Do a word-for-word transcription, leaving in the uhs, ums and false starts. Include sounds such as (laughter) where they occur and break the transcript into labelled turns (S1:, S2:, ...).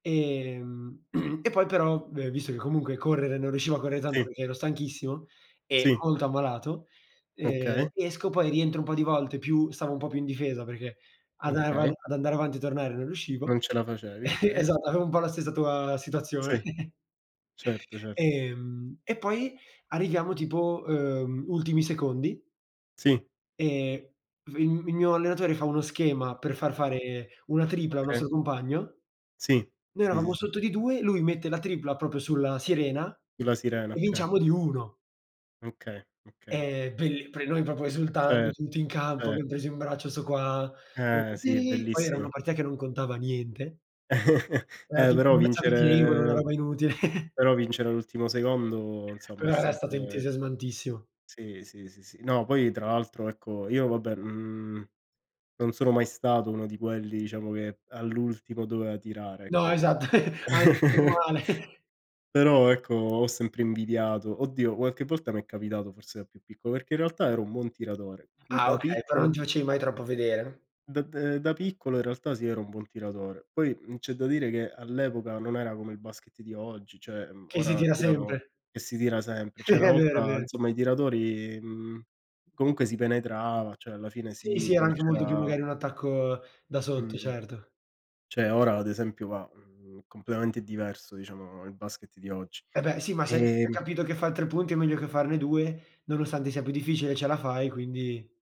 S1: Ehm, (clears throat) e poi però, v visto che comunque correre non riuscivo a correr tando
S2: Sì.
S1: perché ero stanchissimo e
S2: Sì.
S1: molto ammalato, ehm,
S2: Okay.
S1: esco poi rientro un po' di volte più stavo un po' più in difesa, perché ad am
S2: Okay.
S1: ad andare avanti e tornare non
S2: Non
S1: riuscivo
S2: ce la facevi,
S1: (chuckles)
S2: okay.
S1: esatto, avevo un bo la stessa tua situazione.
S2: Sì,
S1: (chuckles)
S2: certo, certo.
S1: Ehm, e poi arriviamo tipo, uhm, ultimi secondi
S2: Sì.
S1: e f mhmm, il mio allenatore fa uno schema per far fare una
S2: O
S1: tripla a un
S2: okay.
S1: nostro compagno.
S2: Sì,
S1: Noi
S2: sì, sì,
S1: eravamo
S2: sì.
S1: sotto di due, lui mette la tripla proprio sulla sirena
S2: Sulla sirena,
S1: e
S2: okay.
S1: vinciamo di uno.
S2: Okay, okay.
S1: Ehm, belli pre noi propo esultando,
S2: Cer
S1: tutti in campo,
S2: cer
S1: abbiam preso in braccio 'sto qua,
S2: Eh
S1: (unintelligible)
S2: sì,
S1: "Sì", poi era una
S2: bellissimo.
S1: partita che non contava niente.
S2: (chuckles)
S1: Era
S2: Eh
S1: tipo
S2: però
S1: una (unintelligible) una
S2: vincere
S1: roba inutile. (chuckles)
S2: però vincere all'ultimo secondo, insomma, è
S1: Però era stato
S2: sempre
S1: entusiasmantissimo.
S2: Sì, sì, sì, sì. No, poi tra l'altro, ecco io vabbè, mhmm, non sono mai stato uno di quelli, diciamo, che all'ultimo dovea tirare,
S1: No,
S2: ecco
S1: esatto, anzi, meno
S2: (chuckles)
S1: male. (chuckles)
S2: però ecco ho sempre invidiato oddio qualche volta mi è capitato, forse da più piccolo, perché in realtà ero un buon tiratore. Mhmm,
S1: Ah,
S2: da
S1: okay, però non
S2: piccolo
S1: ti facevi mai troppo vedere.
S2: dav da da piccolo in realtà sì, ero un buon tiratore. Poi, mhmm, c'è da dire che all'epoca non era come il basket di oggi, cioè, mhmm,
S1: Sì, si
S2: ora
S1: tira
S2: tirano
S1: sempre.
S2: e si tira sempre, cioè una
S1: (chuckles) È vero, è
S2: volta,
S1: vero.
S2: insomma i tiratori mhmm, comunque si penetrava, cioè alla fine
S1: Sì,
S2: sì,
S1: sì, era
S2: poi
S1: anche molto più
S2: c'era
S1: magari un attacco da sotto,
S2: Mh-mh.
S1: certo.
S2: Cioè ora ad esempio va, mhmm, completamente diverso, diciamo, il basket di oggi.
S1: E beh sì, ma se se hai anche
S2: Ehm
S1: capito che far tre punti è meglio che farne due, nonostande sia più difficile ce la fai, quindi